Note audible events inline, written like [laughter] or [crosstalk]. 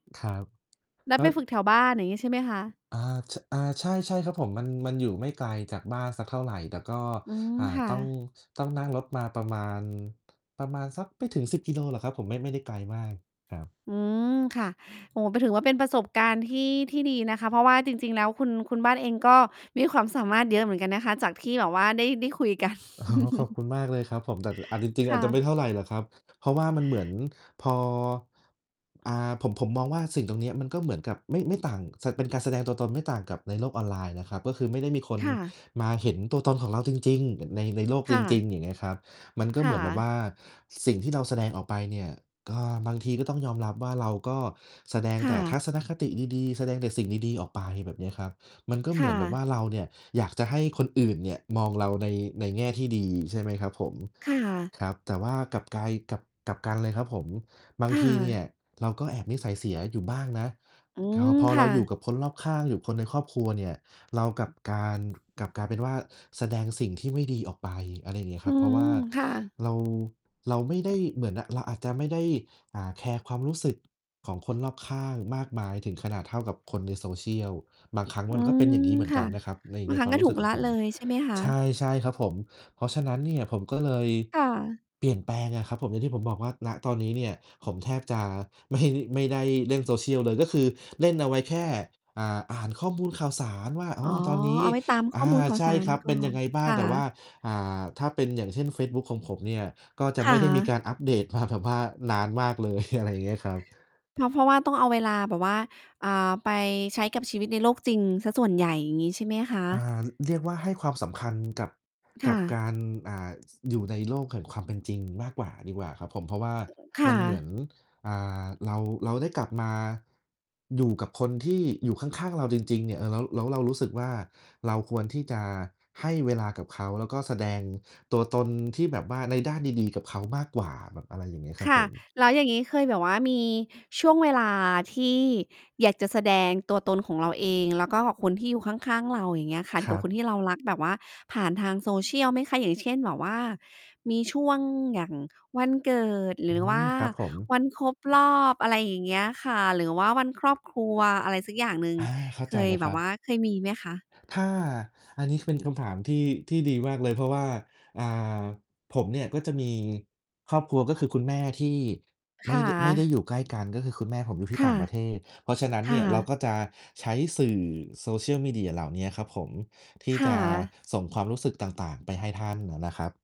ครับ นัแลด้ไว ปฝึกแถวบ้าน อย่างงี้ใช่ไหมคะ? อา ช อา ใช่ ๆ ครับผม มัน มันอยู่ไม่ไกลจากบ้านสักเท่าไร แต่ก็ อืม อ่า ค่ต้อง ะ ต้องนั่งรถมาประมาณ ประมาณสักไม่ถึง 10 กิโลหรอกครับผม ไม่ ไม่ได้ไกลมากครับ อืม ค่ะ โอ้โฮ ไปถือว่าเป็นประสบการณ์ที่ ที่ดีนะคะ เพราะว่าจริง ๆ แล้วคุณ คุณบ้านเองก็มีความสามารถเยอะเหมือนกันนะคะ จากที่แบบว่าได้ ได้คุย กัน อ๋อ ขอบคุ[chuckles] ณมากเลยครับผม แต่ ล อาจจริง ๆ คอา่จจะะ ไม่เท่าไรหรอกครับ เพราะว่ามันเหมือนพอ อ่า ผม ผมมองว่า สิ่งตรงเนี้ยมันก็เหมือนกับ ไม่ ไม่ต่างสะ เป็นการแสดงตัวตนไม่ต่างกับในโลกออนไลน์นะครับ ก็คือไม่ได้มีคนค่ะ มาเห็นตัวตนของเราจริง ๆ อย่างใน ในโลกคจ่ริะ ง ๆ อย่างเงี้ยครับ มันก็คเห่มือนแบบวะ ่าสิ่งที่เราแสดงออกไปเนี่ย ก็บางทีก็ต้องยอมรับว่าเราก็แสดงคแ่ต่ทัะ ศนคติดี ๆ แสดงแต่สิ่งดี ๆ ออกไปแบบเนี้ยครับ มันก็คเหม่ือนแบะ บว่าเราเนี่ย อยากจะให้คนอื่นเนี่ยมองเราใน ในแง่ที่ดี ใช่ไหมครับผม ค่ะ ครับ แต่ว่ากลับกาย กลับ กลับกันเลยครับผม บาคง่ทีเนี่ะ ยเราก็แอบนิสัยเสียอยู่บ้างนะ อืคอ ม พอคเร่าอยูะ ่กับคนรอบข้าง อยู่กับคนในครอบครัวเนี่ย เรากับการ กลับกลายเป็นว่าแสดงสิ่งที่ไม่ดีออกไป อะไรอย่างเงี้ยคอืร้ับ เพอราะวฮ่ืา อ ค่ะ เรา เราไม่ได้เหมือนน่ะ เราอาจจะไม่ได้ อ่า แคร์ความรู้สึกของคนรอบข้างมากมายถึงขนาดเท่ากับคนใน social บางครั้งอืมันก็เป็นม อย่างงี้เหมือนคก่ะ ันนะครับ ใน บาในงครคั้วงามก็รูถู้สึกกขลองะผเม ลย ใช่ไหมคะ? ใช่ ๆ ครับผม เพราะฉะนั้นเนี่ย ผมก็เลยค่ะ เปลี่ยนแปลงอะครับผม อย่างที่ผมบอกว่า ณ ตอนนี้เนี่ย ผมแทบจะ ไม่ ไม่ได้เล่น social เลย ก็คือเล่นเอาไว้แค่ อ่า อ่านข้อมูลข่าวสารว่า ออ้๋อ อ ตอนนี้ เอาไว้ตามขอ้อา มูลข่าใวช่สาครรับ กเ่ปอ็นยันงไงบ้าคง ่แต่ว่ะ า อ่า ถ้าเป็น อย่างเช่น เฟซบุ๊กของผมเนี่ย ก็จะคไ่ม่ได้มีะ การอัปเดตมา แบบว่า นานมากเลย [chuckles] อะไรอย่างเงี้ยครับ เพราะ เพราะว่า ต้องเอาเวลาแบบว่า อ่า ไปใช้กับชีวิตในโลกจริงเสียส่วนใหญ่ อย่างนี้ ใช่ไหมคอะ? ่า ร เรียกว่าให้ความสำคัญกับ คกั่บกะ าร อ่า ส อยู่ในโลกแห่งความเป็นจริงมากกว่าดีกว่าครับผม เพราะว่าค่มันเหมือะ น อ่า เรา เราได้กลับมา อยู่กับคนที่อยู่ข้าง ๆ เราจริง ๆ เนี่ย เออ แล้ว แล้วเรารู้สึกว่า เราควรที่จะให้เวลากับเขา แล้วก็แสดงตัวตนที่แบบว่าในด้านดี ๆ กับเขามากกว่า แบบ อะไรอย่างเงี้ยครัคบ่ผะ ม แล้วอย่างงี้เคยแบบว่ามีช่วงเวลาที่อยากจะแสดงตัวตนของเราเอง แล้วก็กับคนที่อยู่ข้าง ๆ เรา อย่างเงี้ยค่ะ ทคี่รกัับคบ นที่เรารักแบบว่าผ่านทาง social ไหมคะ? อย่างเช่น แบบว่ามีช่วงอย่างวันเกิด หรอืือว่ม าครับผม วันครบรอบ อะไรอย่างเงี้ยค่ะ หรือว่าวันครอบครัวอะไรสักอย่างหนึ่ง อา เข้าเใคจเย ลยแคบรบัวบ ่าเคยมีไหมคะ? ถ้า อันนี้เป็นคำถามที่ ที่ดีมากเลย เพราะว่า อ่า ผมเนี่ยก็จะมีครอบครัว ก็คือคุณแม่ที่ไมค่ ่ด ไม่ได้ะ อยู่ใกล้กัน ก็คือคุณแม่ผมอยู่ทีค่ต่่าะ งประเทศ เพราะฉะนั้นคเน่ี่ย เราะ ก็จะใช้สื่อ social media เหล่าเนี้ยครับผม ที่คจ่ะะ ส่งความรู้สึกต่าง ๆ ไปให้ท่านน่ะนะครับ